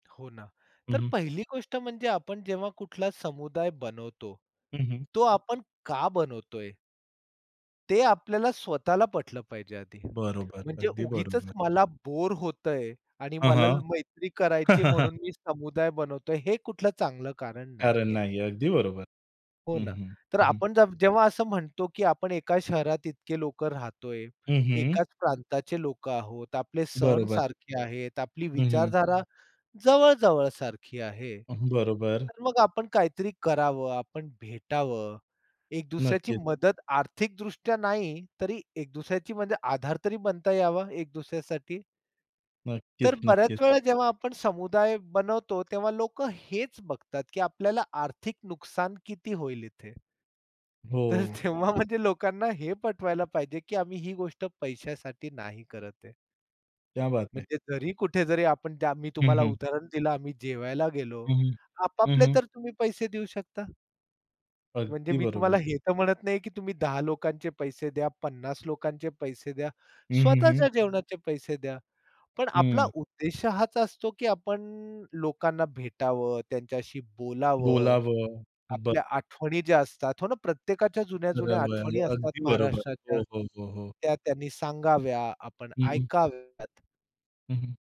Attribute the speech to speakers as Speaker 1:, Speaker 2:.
Speaker 1: हो ना,
Speaker 2: हं,
Speaker 1: तर
Speaker 2: हं.
Speaker 1: पहिली गोष्ट म्हणजे आपण जेव्हा कुठला समुदाय बनवतो,
Speaker 2: हं, हं.
Speaker 1: तो आपण का बनवत आहे. ते आपल्याला स्वतःला पटलं पाहिजे आधी,
Speaker 2: बरोबर,
Speaker 1: म्हणजे
Speaker 2: अगदी
Speaker 1: उगीचच
Speaker 2: बरोबर.
Speaker 1: मला बोअर होतं आहे आणि
Speaker 2: हां,
Speaker 1: मला
Speaker 2: हां.
Speaker 1: मैत्री करायची म्हणून मी समुदाय बनवत आहे, हे कुठलं चांगलं कारण
Speaker 2: कारण
Speaker 1: नाही आहे.
Speaker 2: नाही. अगदी बरोबर,
Speaker 1: हो
Speaker 2: हं,
Speaker 1: ना,
Speaker 2: हं,
Speaker 1: तर
Speaker 2: हं, हं.
Speaker 1: आपण जव जेव्हा असं म्हणतो की आपण एका शहरात इतके लोक राहत आहे,
Speaker 2: हं, हं.
Speaker 1: एकाच प्रांताचे लोक आहोत, आपले सण
Speaker 2: बरोबर.
Speaker 1: सारखे आहेत, आपली
Speaker 2: हं, हं.
Speaker 1: विचारधारा जवळ-जवळ सारखी आहे.
Speaker 2: अं, बरोबर.
Speaker 1: तर मग आपण काहीतरी करावं, आपण भेटावं, एक दुसऱ्याची
Speaker 2: नक्कीच.
Speaker 1: मदत आर्थिकदृष्ट्या नाही तरी एक दुसऱ्याची म्हणजे आधार तरी बनता यावा एक दुसऱ्यासाठी. तर
Speaker 2: नक्कीच, नक्कीच.
Speaker 1: बऱ्याच वेळा जेव्हा आपण समुदाय बनवतो, तेव्हा लोकं हेच बघतात की आपल्याला आर्थिक नुकसान किती होईल इथे. तर
Speaker 2: हो.
Speaker 1: तेव्हा म्हणजे लोकांना हे पटवायला पाहिजे की, आम्ही ही गोष्ट पैशासाठी नाही करत आहे.
Speaker 2: क्या बात है.
Speaker 1: म्हणजे जरी कुठे जरी आपण त्या मी
Speaker 2: हं,
Speaker 1: तुम्हाला
Speaker 2: हं.
Speaker 1: उदाहरण दिलं आम्ही जेवायला गेलो,
Speaker 2: हं, हं, हं
Speaker 1: आपापले
Speaker 2: ,हं.
Speaker 1: तर तुम्ही पैसे देऊ शकता. म्हणजे
Speaker 2: अगदी
Speaker 1: मी तुम्हाला
Speaker 2: बरोबर.
Speaker 1: हे तर म्हणत नाही की तुम्ही 10 लोकांचे पैसे द्या, 50 लोकांचे पैसे द्या,
Speaker 2: हं, हं, हं.
Speaker 1: स्वतःच्या जेवणाचे पैसे द्या. पण आपला
Speaker 2: हं.
Speaker 1: उद्देश हाच असतो की आपण लोकांना भेटावं, त्यांच्याशी बोलावं.
Speaker 2: बोलावं. ब
Speaker 1: आपल्या आठवणी ज्या असतात हो ना, प्रत्येकाच्या जुन्या-जुन्या आठवणी
Speaker 2: बरोबर,
Speaker 1: असतात
Speaker 2: अगदी बरोबर.
Speaker 1: महाराष्ट्राच्या,
Speaker 2: हो, हो, हो, हो.
Speaker 1: त्या त्यांनी सांगाव्या आपण
Speaker 2: हं, हं.
Speaker 1: ऐकाव्यात.
Speaker 2: हं, हं.